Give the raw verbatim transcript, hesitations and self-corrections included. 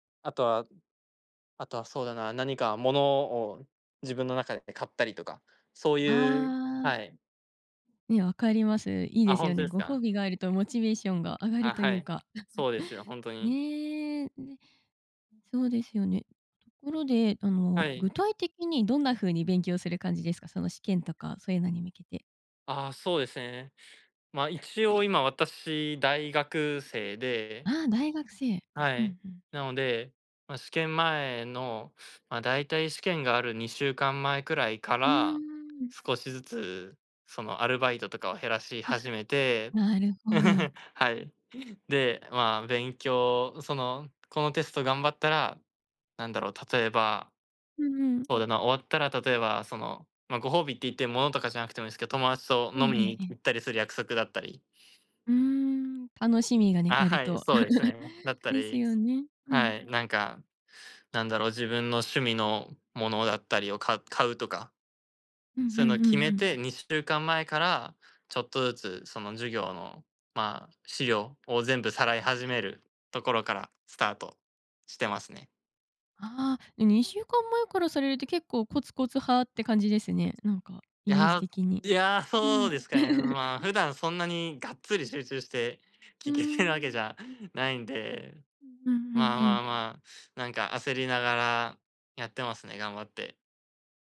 あとはあとはそうだな、何か物を自分の中で買ったりとか、そうあいう、あ。はい。ね、分かります。いいあ、ですほよんとね。ですご褒か？美があるとモチベーションが上がるあ、といはうい。か。そうですよ、ほんとに。ねえ、うん、ね。そうですよね。ところで、あはの具い。体的にどんな風に勉強する感じですか？その試験とかそういうのに向けて。ああ、そうですね。ま、一応今、私大学生うで。んうん。あ、大学生。はうんうい。ん。なので、まあ試験前の、まあ大体試験があるにしゅうかんまえくらいかうーら、ん。少しずつそのアルバイトとかを減らしあ、始めて。なるほど。はい。で、まあ勉強、その、このテスト頑張ったら、なんだろう、例えば。うんうん。そうだな、終わったら例えばその、まあご褒美って言って、物とかじゃなくてもいいすけど、友達とええ飲みえにえええ。行ったりする約束だったり。うーん、楽しみがね、ああ、あるはい、と。そうです ね。だったですり、よす。ね、うはん。い、なんか、なんだろう、自分の趣味のものだったりを、か買うとか。うんうそういうのをんうんう決めん。て、にしゅうかんまえから、ちょっとずつその授業の、まあ資料を全部さらいはい。始めるところからスタートしてますね。ああ、え、にしゅうかんまえからされるって、結構コツコツ派って感じですね。なんかいイメージや、う的に。いや、うそうん。ですかね、まあ、普段そんなに、がっつり集中して、うー聞けてるわけじん。ゃないんで。うんうんうまあんうまん。あまあ、なんか焦りながらやってますね、頑張って。